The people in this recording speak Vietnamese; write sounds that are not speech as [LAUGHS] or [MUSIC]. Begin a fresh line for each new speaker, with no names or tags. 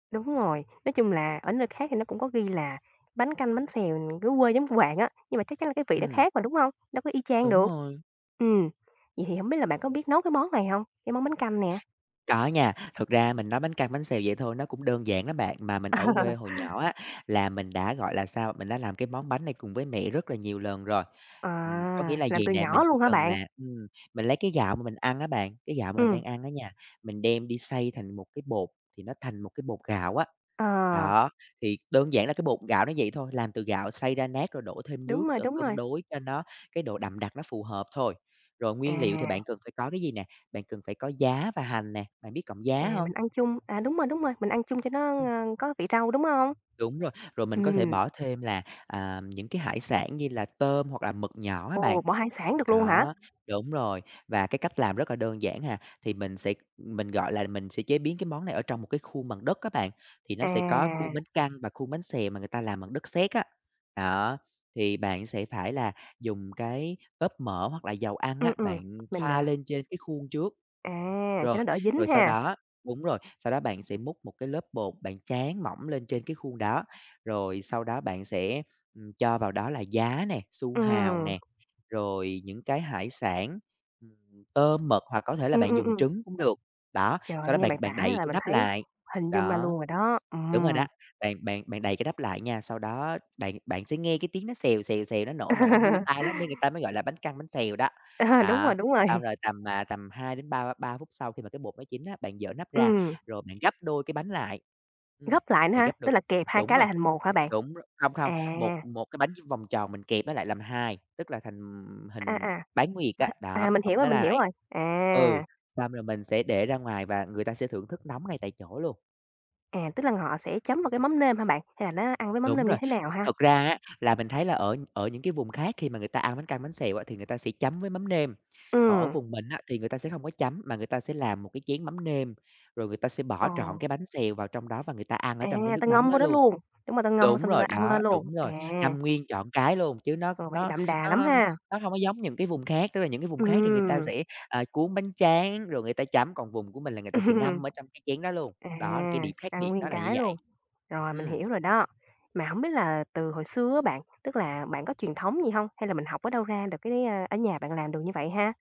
Đúng rồi, nói chung là ở nơi khác thì nó cũng có ghi là bánh canh, bánh xèo nè dưới quê giống của bạn á, nhưng mà chắc chắn là cái vị nó
Ừm.
khác mà, đúng hông? Đâu có y chang
Đúng
được.
rồi.
Ừm. Vậy thì hổng biết là bạn có biết nấu cái món này hông? Cái món bánh canh nè.
Có nha, thực ra mình nói bánh căn, bánh xèo vậy thôi nó cũng đơn giản đó bạn. Mà mình ở quê
[LAUGHS]
hồi nhỏ á, là mình đã, gọi là sao, mình đã làm cái món bánh này cùng với mẹ rất là nhiều lần rồi. Ừm, có nghĩa
À!
là
Làm
vầy
từ
nè,
nhỏ
mình chỉ
luôn hả
cần
bạn?
là ừm, mình lấy cái gạo mà mình ăn á bạn, cái gạo mà mình
Ừm.
đang ăn á nha, mình đem đi xay thành một cái bột thì nó thành một cái bột gạo á.
À!
Đó, thì đơn giản là cái bột gạo nó vậy thôi, làm từ gạo xay ra nát rồi đổ thêm nước,
Đúng rồi,
ờ,
đúng
cân
rồi.
đối cho nó cái độ đậm đặc nó phù hợp thôi. Rồi nguyên liệu thì bạn
À.
cần phải có cái gì nè? Bạn cần phải có giá và hành nè, bạn biết cọng
À,
giá hông?
mình ăn chung à, đúng rồi, đúng rồi, mình ăn chung cho nó,
Ừm.
ơ, có vị rau, đúng hông?
Đúng rồi. Rồi mình có thể
Ừm.
bỏ thêm là, à, những cái hải sản như là tôm hoặc là mực nhỏ á bạn.
Ồ! Bỏ hải sản được luôn hả?
Đó, đúng rồi, và cái cách làm rất là đơn giản à, thì mình sẽ mình, gọi là, mình sẽ chế biến cái món này ở trong một cái khuôn bằng đất á bạn, thì nó sẽ có
À.
khuôn bánh căn và khuôn bánh xèo mà người ta làm bằng đất sét á. Đó, thì bạn sẽ phải là dùng cái lớp mỡ hoặc là dầu ăn
Ừm,
á,
ừm,
bạn
mình,
thoa
ờ
lên trên cái khuôn trước.
À, cho nó
Rồi,
đỡ dính
rồi sau
ha.
đó đúng rồi, sau đó bạn sẽ múc một cái lớp bột bạn tráng mỏng lên trên cái khuôn đó, rồi sau đó bạn sẽ, ừm, cho vào đó là giá nè, su hào
Ừm.
nè, rồi những cái hải sản, ừm, tôm, mực hoặc có thể là
Ừm,
bạn
ừm,
dùng
ừm.
trứng cũng được. Đó, sau
Trời,
đó
nghe
bạn
bạn
bạn
tả
đậy
là
cái
mình
nắp
thấy
lại,
hình dung ra
đó.
luôn rồi đó.
Đúng rồi đó,
Ừm.
bạn bạn bạn đậy cái nắp lại nha, sau đó bạn bạn sẽ nghe cái tiếng nó xèo, xèo, xèo, nó nổ, nổ vui
[LAUGHS]
tai lắm, nên người ta mới gọi là bánh căn, bánh xèo đó.
Ờ, đúng
Đó,
rồi, đúng rồi.
xong rồi tầm, à, tầm 2 đến ba ba phút sau khi mà cái bột nó chín á, bạn giở nắp ra,
Ừm.
rồi bạn gấp đôi cái bánh lại. Ừm,
Gấp lại nữa
bạn
hả?
gấp đôi
Tức
cái
là kẹp 2
đúng
cái
rồi,
lại thành 1 hả bạn?
đúng r không, không, một
À.
một cái bánh như vòng tròn mình kẹp nó lại làm 2, tức là thành, ừm,
À,
hình
à.
bán nguyệt á. Đó,
[UNINTELLIGIBLE] à,
bạn
mình
ụp
hiểu rồi,
nó
mình hiểu
lại.
rồi.
Ừ,
À.
xong rồi mình sẽ để ra ngoài và người ta sẽ thưởng thức nóng ngay tại chỗ luôn.
À, tức là họ sẽ chấm vào cái mắm nêm hả bạn? Hay là nó ăn với mắm
Đúng
nêm như
rồi,
thế nào ha?
thực ra á là mình thấy là ở ở những cái vùng khác khi mà người ta ăn bánh căn, bánh xèo á thì người ta sẽ chấm với mắm nêm. Còn ở
Ừm.
vùng mình á thì người ta sẽ hông có chấm mà người ta sẽ làm một cái chén mắm nêm, rồi người ta sẽ
Ờ.
bỏ trọn cái bánh xèo vào trong đó và người ta ăn ở
À,
trong cái
ta
nước mắm
ngâm vô
đó
đó
luôn.
luôn? Đúng mà ta ngâm
Đúng
xong rồi ta
rồi,
ăn
đó,
lên luôn.
đúng
À.
rồi, ngâm nguyên trọn cái luôn, chứ nó
Ờ, vậy
nó
đậm đà lắm
nó
ha!
nó hông có giống những cái vùng khác, tức là những cái vùng khác thì người ta
Ừm.
sẽ, à, cuốn bánh tráng rồi người ta chấm, còn vùng của mình là người ta sẽ ngâm
[LAUGHS]
ở trong cái chén đó luôn,
À,
đó là cái điểm khác
ăn
biệt
nguyên
đó là như
cái
vậy.
luôn. Rồi, mình
Ừm.
hiểu rồi đó. Mà hổng biết là từ hồi xưa á bạn, tức là bạn có truyền thống gì hông? Hay là mình học ở đâu ra được cái, a ở nhà bạn làm được như vậy ha?